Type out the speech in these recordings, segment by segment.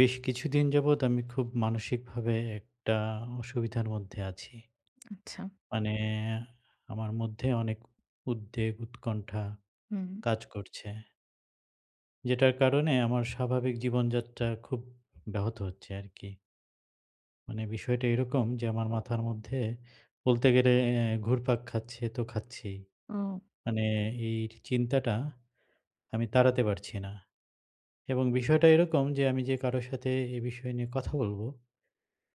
বেশ কিছুদিন যাবত আমি খুব মানসিক ভাবে একটা অসুবিধার মধ্যে আছি। আচ্ছা। মানে আমার মধ্যে অনেক উদ্বেগ উৎকণ্ঠা হুম। কাজ করছে। যেটার কারণে আমার স্বাভাবিক জীবনযাত্রার খুব ব্যাহত হচ্ছে আরকি। মানে বিষয়টা এরকম যে, আমার মাথার মধ্যে বলতে গেলে অ্যা ঘুরপাক খাচ্ছে তো খাচ্ছি। ও। মানে এই চিন্তাটা আমি তাড়াতে পারছি না এবং বিষয়টা এরকম যে, আমি যে কারো সাথে এ বিষয় নিয়ে কথা বলবো,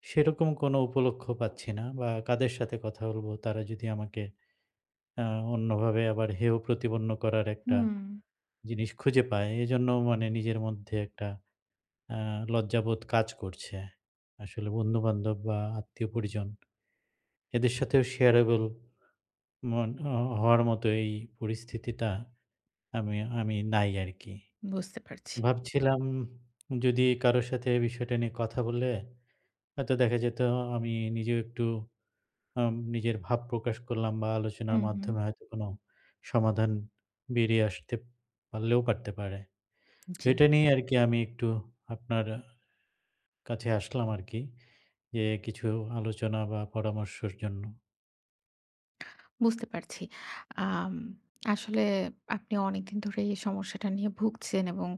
সেরকম কোন উপলক্ষ্য পাচ্ছি না বা কাদের সাথে কথা বলব? তারা যদি আমাকে আ অন্যভাবে আবার হেয় প্রতিপন্ন করার একটা হুম। জিনিস খুঁজে পায়। এজন্য মানে নিজের মধ্যে একটা আ লজ্জাবোধ কাজ করছে। আসলে বন্ধুবান্ধব বা আত্মীয় পরিজন এদের সাথেও sharable মন ও হওয়ার মতোই এই পরিস্থিতিটা আমি আমি নাই আরকি। বুঝতে পারছি। ভাবছিলাম যদি কারো সাথে এই বিষয়টা নিয়ে কথা বললে, হয়তো দেখা যেত আমি নিজেও একটু আম নিজের ভাব প্রকাশ করলাম বা আলোচনার হুম, হুম। মাধ্যমে হয়তো কোনো সমাধান বেরিয়ে আসতে পারলেও পারতে পারে। তো জি। এটা নিয়ে আরকি আমি একটু আপনার আ কাছে আসলাম আরকি। যে, কিছু আলোচনা বা পরামর্শর জন্য। বুঝতে পারছি। আম আসলে আপনি অনেকদিন ধরে এই সমস্যাটা নিয়ে ভুগছেন এবং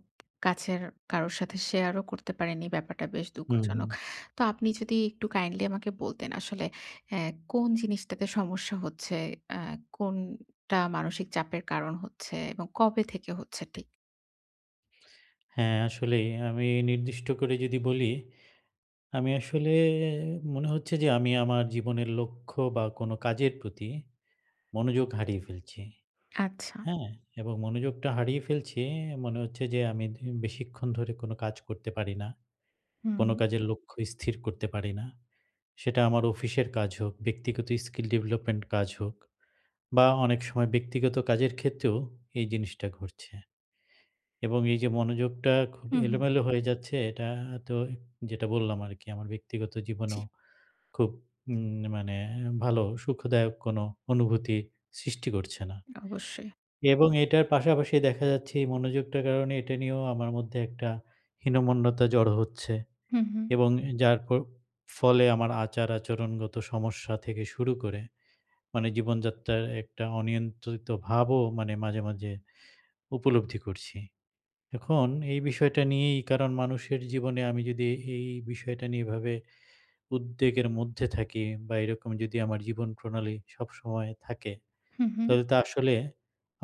কাছের কারো সাথে share ও করতে পারেননি। ব্যাপারটা বেশ হুম, দুঃখজনক! হুম। তো আপনি যদি একটু kindly আমাকে বলতেন আসলে হ্যাঁ, কোন জিনিসটাতে সমস্যা হচ্ছে? আ কোনটা মানসিক চাপের কারণ হচ্ছে? এবং কবে থেকে হচ্ছে ঠিক? হ্যাঁ, আসলেই আমি নির্দিষ্ট করে যদি বলি, আমি আসলে মনে হচ্ছে যে, আমি আমার জীবনের লক্ষ্য বা কোনো কাজের প্রতি মনোযোগ হারিয়ে ফেলছি। আচ্ছা। হ্যাঁ? এবং মনোযোগটা হারিয়ে ফেলছি। মনে হচ্ছে যে, আমি দ বেশিক্ষণ ধরে কোনো কাজ করতে পারি না। কোন হুম। কাজের লক্ষ্য স্থির করতে পারি না। সেটা আমার অফিসের কাজ হোক, ব্যক্তিগত skill development কাজ হোক বা অনেক সময় ব্যক্তিগত কাজের ক্ষেত্রেও এই জিনিসটা ঘটছে এবং এই যে, মনোযোগটা খুব হুম, হুম। এলোমেলো হয়ে যাচ্ছে এটা তো যেটা বললাম আরকি আমার ব্যক্তিগত জি। জীবনেও খুব উম মানে ভালো, সুখদায়ক কোনো অনুভূতি সৃষ্টি করছে না অবশ্যই। এবং এটার পাশাপাশি দেখা যাচ্ছে এই মনোযোগটার কারণ এটা নিয়েও আমার মধ্যে একটা হীনমন্যতা জড়ো হচ্ছে হুম, হুম। এবং যার ফল ফলে আমার আচার আচরণগত সমস্যা থেকে শুরু করে মানে জীবনযাত্রার একটা অনিয়ন্ত্রিত ভাবও মানে মাঝে, মাঝে উপলব্ধি করছি। এখন এই বিষয়টা নিয়েই কারণ মানুষের জীবনে আমি যদি এই বিষয়টা নিয়ে এভাবে উদ্বেগের মধ্যে থাকি বা এরকম যদি আমার জীবন প্রণালী সবসময় থাকে, হুম, হুম। তাহলে তো আসলে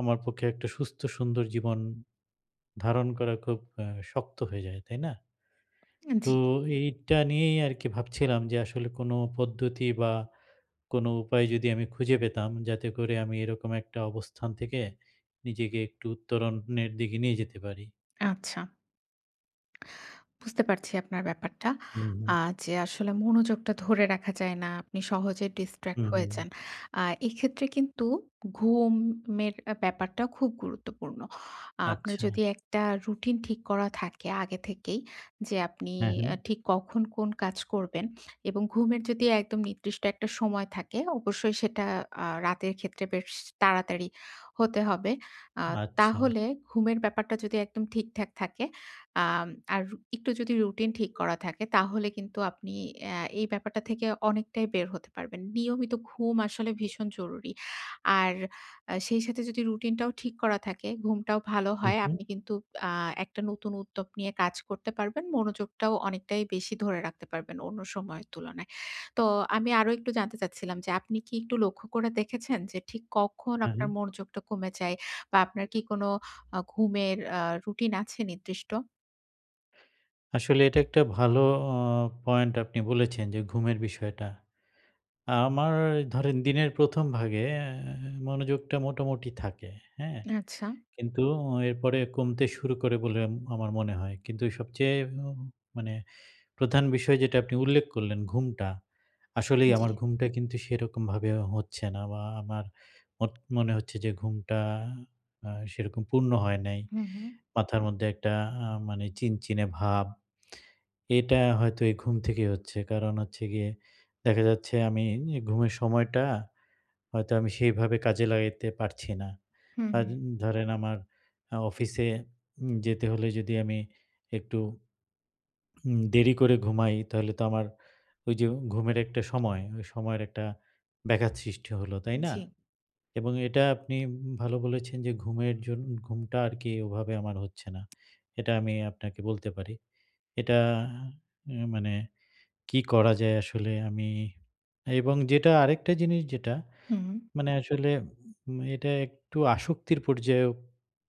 আমার পক্ষে একটা সুস্থ সুন্দর জীবন। ধারণ করা খুব আ শক্ত হয়ে যায়, তাই না? উম তো জ্বী। এইটা নিয়েই আরকি ভাবছিলাম যে, আসলে কোন পদ্ধতি বা কোন উপায় যদি আমি খুঁজে পেতাম, যাতে করে আমি এরকম একটা অবস্থান থেকে নিজেকে একটু উত্তরণের দিকে নিয়ে যেতে পারি। আচ্ছা। বুঝতে পারছি আপনার ব্যাপারটা। হুম। আ যে, আসলে মনোযোগটা ধরে রাখা যায় না। আপনি সহজে distract হুম, হয়ে হুম। যান। আর এক্ষেত্রে কিন্তু ঘুমের ব্যাপারটা খুব গুরুত্বপূর্ণ। আপনার আচ্ছা। যদি একটা routine ঠিক করা থাকে আগে থেকেই যে, আপনি হ্যাঁ, এ হ্যাঁ। ঠিক কখন কোন কাজ করবেন এবং ঘুমের যদি একদম নির্দিষ্ট একটা সময় থাকে, অবশ্যই সেটা আ রাতের ক্ষেত্রে বেশ তাড়াতাড়ি হতে হবে। আ আচ্ছা। তাহলে ঘুমের ব্যাপারটা যদি একদম ঠিকঠাক থাকে আম আর একটু যদি routine ঠিক করা থাকে তাহলে কিন্তু আপনি আ এই ব্যাপারটা থেকে অনেকটাই বের হতে পারবেন। নিয়মিত ঘুম আসলে ভীষণ জরুরি। আর আ সেই সাথে যদি routine টাও ঠিক করা থাকে, ঘুমটাও ভালো হুম, হয়। হুম। আপনি কিন্তু আ একটা নতুন উদ্যোগ নিয়ে কাজ করতে পারবেন। মনোযোগটাও অনেকটাই বেশি ধরে রাখতে পারবেন অন্য সময়ের তুলনায়। তো আমি আরো একটু জানতে চাচ্ছিলাম যে, আপনি কি একটু লক্ষ্য করে দেখেছেন যে, ঠিক কখন আপনার হ্যাঁ। মনোযোগটা কমে যায়? বা আপনার কি কোন আ ঘুমের আ routine আছে নির্দিষ্ট? আসলে এটা একটা ভালো অ পয়েন্ট আপনি বলেছেন যে ঘুমের বিষয়টা। আমার ধরেন দিনের ১ম ভাগে মনোযোগটা মোটামুটি থাকে। হ্যাঁ? আচ্ছা। কিন্তু এরপরে কমতে শুরু করে বলে আম আমার মনে হয় কিন্তু সবচেয়ে উম মানে প্রধান বিষয় যেটা আপনি উল্লেখ করলেন ঘুমটা। আসলেই জ্বী। আমার ঘুমটা কিন্তু সেরকমভাবে হচ্ছে না বা আমার অ মনে হচ্ছে যে ঘুমটা আ সেরকম পূর্ণ হয় নাই, হুম, হুম। মাথার মধ্যে একটা আ মানে চিনচিনে ভাব, এটা হয়তো এই ঘুম থেকেই হচ্ছে কারণ হচ্ছে গিয়ে দেখা যাচ্ছে আমি এ ঘুমের সময়টা হয়তো আমি সেইভাবে কাজে লাগাইতে পারছি না। হুম, হু। আর ধরেন আমার আ অফিসে উম যেতে হলে যদি আমি একটু উম দেরি করে ঘুমাই তাহলে তো আমার ওই যে ঘুমের একটা সময় ওই সময়ের একটা ব্যাঘাত সৃষ্টি হলো তাই না? জি। এবং এটা আপনি উম ভালো বলেছেন যে ঘুমের জন ঘুমটা আরকি ওভাবে আমার হচ্ছে না। এটা আমি আপনাকে বলতে পারি। এটা এ মানে কি করা যায় আসলে আমি এবং যেটা আরেকটা জিনিস যেটা হুম। মানে আসলে উ এটা একটু আসক্তির পর্যায়েও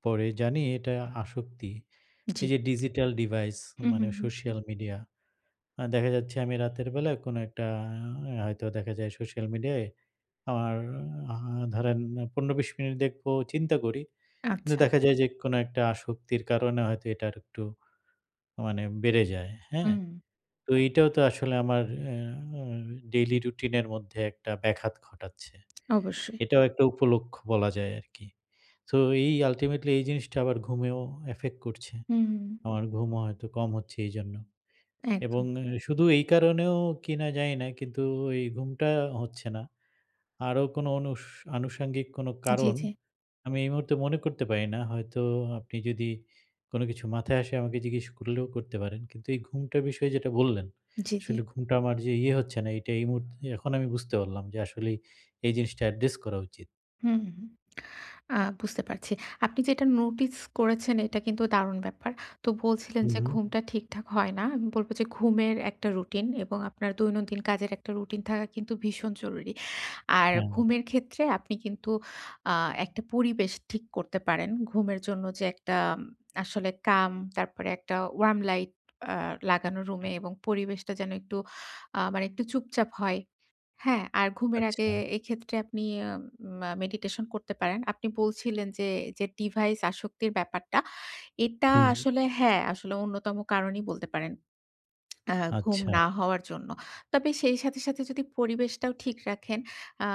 পড়ে জানি এটা আসক্তি। এই জ্বী। যে ডিজিটাল ডিভাইস হুম, মানে হুম, হুম। Social media. আ দেখা যাচ্ছে আমি রাতের বেলায় কোনো একটা আ হয়তো দেখা যায় সোশ্যাল মিডিয়ায় আর আ ধরেন ১৫-২০ মিনিট দেখবো চিন্তা করি। কিন্তু আচ্ছা। দেখা যায় যে কোন একটা আসক্তির কারণে হয়তো এটা আরেকটু মানে বেড়ে যায়। হ্যাঁ? হুম। তো এটাও তো আসলে আমার আ অ ডেইলি রুটিনের মধ্যে একটা ব্যাঘাত ঘটাচ্ছে। অবশ্যই। এটাও একটা উপলক্ষ্য বলা যায় আরকি। তো এই আল্টিমেটলি এই জিনিসটা আবার ঘুমেও এফেক্ট করছে। হুম, হু। আমার ঘুমও হয়তো কম হচ্ছে এইজন্য। এবং একদম। শুধু এই কারণেও কিনা জানি না কিন্তু এই ঘুমটা হচ্ছে না। আরো কোনো অনুস আনুষঙ্গিক কোনো জি, কারণ জি। আমি এই মুহূর্তে মনে করতে পারি না। হয়তো আপনি যদি কোন কিছু মাথায় আসে আমাকে জিজ্ঞেস করলেও করতে পারেন। কিন্তু এই ঘুমটার বিষয়ে যেটা বললেন, জি, জি। আসলে ঘুমটা আমার যে ইয়ে হচ্ছে না এইটা এই মুহূর্তে এখন আমি বুঝতে পারলাম যে আসলেই এই জিনিসটা অ্যাড্রেস করা উচিত। হুম, হুম, আ বুঝতে পারছি। আপনি যেটা notice করেছেন এটা কিন্তু দারুণ ব্যাপার। তো বলছিলেন হুম, যে, হুম। ঘুমটা ঠিকঠাক হয় না। আমি বলব যে, ঘুমের একটা routine এবং আপনার দৈনন্দিন কাজের একটা routine থাকা কিন্তু ভীষণ জরুরি। আর হ্যাঁ। ঘুমের ক্ষেত্রে আপনি কিন্তু আ একটা পরিবেশ ঠিক করতে পারেন। ঘুমের জন্য যে একটা আম আসলে calm, তারপরে একটা warm light অ্যা লাগানো রুমে এবং পরিবেশটা যেন একটু আ মানে একটু চুপচাপ হয়। হ্যাঁ, আর ঘুমের আগে আচ্ছা। এক্ষেত্রে আপনি উম আ meditation করতে পারেন। আপনি বলছিলেন যে, যে device আসক্তির ব্যাপারটা। এটা হুম। আসলে হ্যাঁ, আসলে অন্যতম কারণই বলতে পারেন। অ্যা ঘুম আচ্ছা। না হওয়ার জন্য। তবে সেই সাথে, সাথে যদি পরিবেশটাও ঠিক রাখেন আ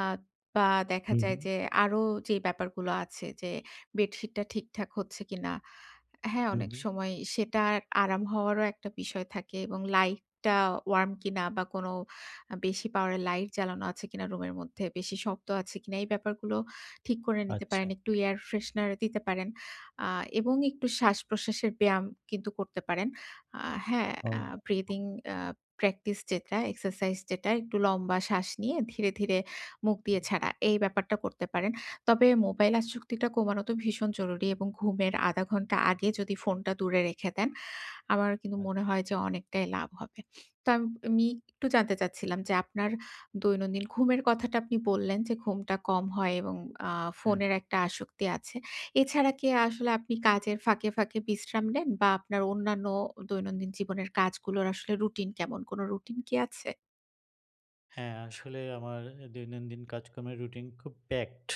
বা দেখা হুম, যায় হুম। যে, আরো যেই ব্যাপারগুলো আছে যে, bed sheet টা ঠিকঠাক হচ্ছে কিনা, হ্যাঁ, হুম, অনেক হুম। সময় সেটা আরাম হওয়ারও একটা বিষয় থাকে এবং লাইটটা warm কিনা বা কোন আ বেশি power এর লাইট জ্বালানো আছে কিনা রুমের মধ্যে বেশি শক্ত আছে কিনা এই ব্যাপারগুলো ঠিক করে নিতে আচ্ছা। পারেন। একটু air freshener দিতে পারেন আ এবং একটু শ্বাসপ্রশ্বাসের ব্যায়াম কিন্তু করতে পারেন। আ হ্যাঁ, ও। আ breathing অ্যা practice যেটা exercise যেটা একটু লম্বা শ্বাস নিয়ে ধীরে, ধীরে মুখ দিয়ে হুম। ছাড়া। এই ব্যাপারটা করতে পারেন। তবে মোবাইল আসক্তিটা কমানো তো ভীষণ জরুরি এবং ঘুমের ০.৫ ঘন্টা আগে যদি ফোনটা দূরে রেখে দেন। আমার কিন্তু আচ্ছা। মনে হয় যে, অনেকটাই লাভ হবে। তো আম আমি একটু জানতে চাচ্ছিলাম যে, আপনার দৈনন্দিন ঘুমের কথাটা আপনি বললেন যে, ঘুমটা কম হয় এবং আ হ্যাঁ। ফোনের একটা আসক্তি আছে। এছাড়া কি আসলে আপনি কাজের ফাঁকে, ফাঁকে বিশ্রাম নেন? বা আপনার অন্যান্য দৈনন্দিন জীবনের কাজগুলোর আসলে routine কেমন? কোন routine কি আছে? হ্যাঁ, আসলে আমার দৈনন্দিন কাজকর্মের routine খুব packed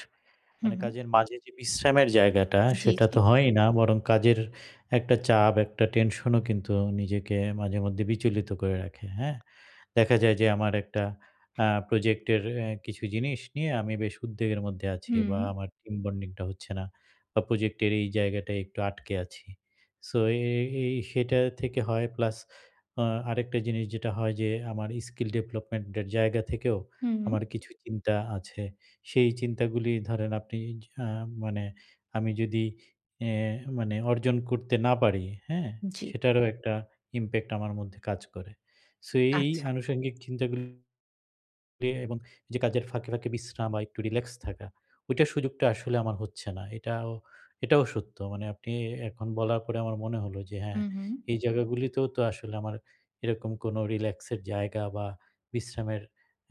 হুম, মানে হুম। কাজের মাঝে যে, বিশ্রামের জায়গাটা জ্বি, সেটা জ্বি। তো হয়ই না বরং কাজের একটা চাপ একটা tension ও কিন্তু নিজেকে মাঝে মধ্যে বিচলিত করে রাখে হ্যাঁ? দেখা যায় যে, আমার একটা আ project এর এ কিছু জিনিস নিয়ে আমি বেশ উদ্বেগের মধ্যে আছি হুম। বা আমার team bonding টা হচ্ছে না বা project এর এই জায়গাটায় একটু আটকে আছি, So, এ এ এই সেটা থেকে হয় plus অ্যা আরেকটা জিনিস যেটা হয় যে, আমার skill development এর জায়গা থেকেও হুম, হুম। আমার কিছু চিন্তা আছে। সেই চিন্তাগুলি ধরেন আপনি এ মানে আমি যদি এ মানে অর্জন করতে না পারি হ্যাঁ? জী। সেটারও একটা impact আমার মধ্যে কাজ করে। So, এই আচ্ছা। আনুষঙ্গিক চিন্তা গুল এ এবং যে, কাজের ফাঁকে, ফাঁকে বিশ্রাম বা একটু relax থাকা, ওইটার সুযোগটা আসলে আমার হচ্ছে না। এটাও, এটাও সত্য। মানে আপনি এখন বলার পরে আমার মনে হলো যে, হ্যাঁ, হুম, হুম। এই জায়গাগুলিতেও তো আসলে আমার এরকম কোন relax এর জায়গা বা বিশ্রামের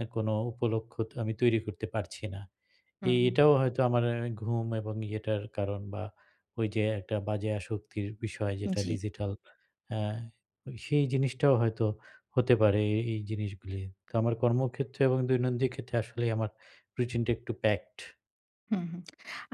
এ কোনো উপলক্ষ্য আমি তৈরি করতে পারছি না। এ হুম। এটাও হয়তো আমার ঘুম এবং ইয়েটার কারণ বা ওই যে, একটা বাজে আসক্তির বিষয় যেটা জ্বি। digital অ্যা সেই জিনিসটাও হয়তো হতে পারে এ এই জিনিসগুলো। তো আমার কর্মক্ষেত্রে এবং দৈনন্দিন ক্ষেত্রে আসলেই আমার routine টা একটু packed হুম,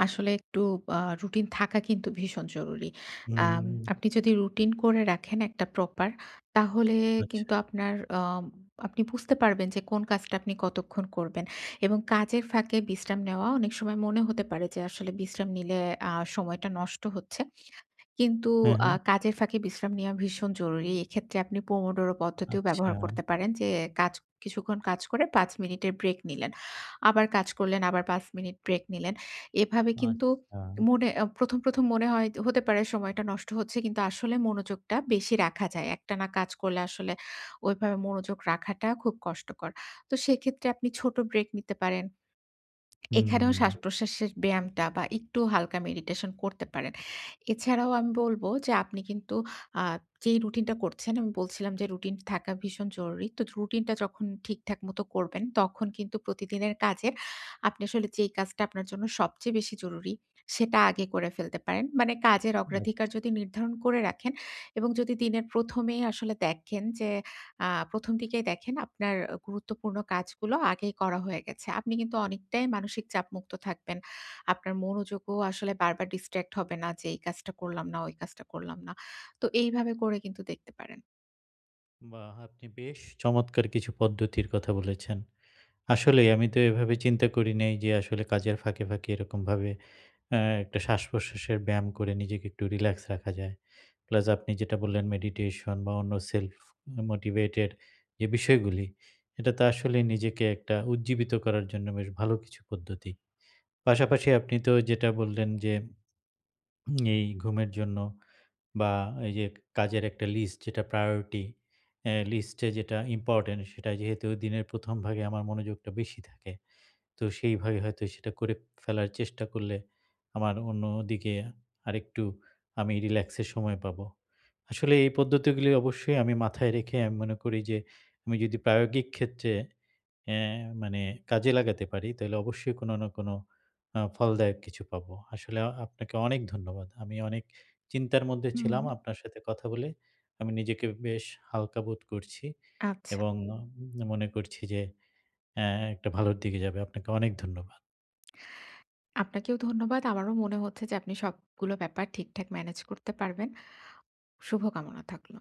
আসলে একটু ব আ routine থাকা কিন্তু ভীষণ জরুরি। হুম, আম হুম। আপনি যদি routine করে রাখেন একটা proper, তাহলে আচ্ছা। কিন্তু আপনার আম আপনি বুঝতে পারবেন যে, কোন কাজটা আপনি কতক্ষণ করবেন? এবং কাজের ফাঁকে বিশ্রাম নেওয়া অনেক সময় মনে হতে পারে যে, আসলে বিশ্রাম নিলে আ সময়টা নষ্ট হচ্ছে কিন্তু হ্যাঁ, আ হ্যাঁ। কাজের ফাঁকে বিশ্রাম নেওয়া ভীষণ জরুরি। এক্ষেত্রে আপনি Pomodoro পদ্ধতিও আচ্ছা। ব্যবহার করতে পারেন যে, কাজ কিছুক্ষণ কাজ করে ৫ মিনিটের break নিলেন। আবার কাজ করলেন, আবার ৫ মিনিট break নিলেন। এভাবে কিন্তু আচ্ছা। মনে আ ১ম, ১ম মনে হয় হতে পারে সময়টা নষ্ট হচ্ছে কিন্তু আসলে মনোযোগটা বেশি রাখা যায়। একটানা কাজ করলে আসলে ওইভাবে মনোযোগ রাখাটা খুব কষ্টকর। তো সেক্ষেত্রে আপনি ছোট break নিতে পারেন। এখানেও হুম। শ্বাসপ্রশ্বাসের ব্যায়ামটা বা একটু হালকা meditation করতে পারেন। এছাড়াও আমি বলব যে, আপনি কিন্তু আ যেই routine টা করছেন আমি বলছিলাম যে, routine থাকা ভীষণ জরুরি। তো routine টা যখন ঠিকঠাক মত করবেন তখন কিন্তু প্রতিদিনের কাজে আপনি আসলে যেই কাজটা আপনার জন্য সবচেয়ে বেশি জরুরি সেটা আগে করে ফেলতে পারেন। মানে কাজের আচ্ছা। অগ্রাধিকার যদি নির্ধারণ করে রাখেন এবং যদি দিনের ১ম এই আসলে দেখেন যে, আ ১ম দিকেই দেখেন আপনার গুরুত্বপূর্ণ কাজগুলো আগেই করা হয়ে গেছে। আপনি কিন্তু অনেকটাই মানসিক চাপমুক্ত থাকবেন। আপনার মনোযোগও আসলে বারবার distract হবে না যে, এই কাজটা করলাম না, ওই কাজটা করলাম না। তো এইভাবে করে কিন্তু দেখতে পারেন। বাহ! আপনি বেশ চমৎকার কিছু পদ্ধতির কথা বলেছেন। আসলেই আমি তো এভাবে চিন্তা করি নাই যে, আসলে কাজের ফাঁকে, ফাঁকে এরকমভাবে। অ্যা একটা শ্বাসপ্রশ্বাসের ব্যায়াম করে নিজেকে একটু relax রাখা যায়। Plus আপনি যেটা বললেন meditation বা অন্য self motivated যে, বিষয়গুলি এটা তো আসলে নিজেকে একটা উজ্জীবিত করার জন্য বেশ ভালো কিছু পদ্ধতি। পাশাপাশি আপনি তো যেটা বললেন যে। এই ঘুমের জন্য বা এই যে, কাজের একটা list যেটা priority অ্যা list যে যেটা important সেটা যেহেতু দিনের ১ম ভাগে আমার মনোযোগটা বেশি থাকে তো সেইভাবে হয়তো সেটা করে ফেলার চেষ্টা করলে আমার অন্যদিকে আরেকটু আমি relax এর সময় পাবো। আসলে এই পদ্ধতিগুলি অবশ্যই আমি মাথায় রেখে আমি মনে করি যে, আমি যদি প্রায়োগিক ক্ষেত্রে। অ্যা মানে কাজে লাগাতে পারি তাহলে অবশ্যই কোন না কোন আ ফলদায়ক কিছু পাবো। আসলে আপনাকে অনেক ধন্যবাদ। আমি অনেক চিন্তার মধ্যে হুম। ছিলাম আপনার সাথে কথা বলে আমি নিজেকে বেশ হালকা বোধ করছি আচ্ছা। এবং মনে করছি যে, অ্যা একটা ভালোর দিকে যাবে। আপনাকে অনেক ধন্যবাদ। আপনাকেও ধন্যবাদ। আমারও মনে হচ্ছে যে, আপনি সবগুলো ব্যাপার ঠিকঠাক manage করতে পারবেন। শুভ কামনা থাকল।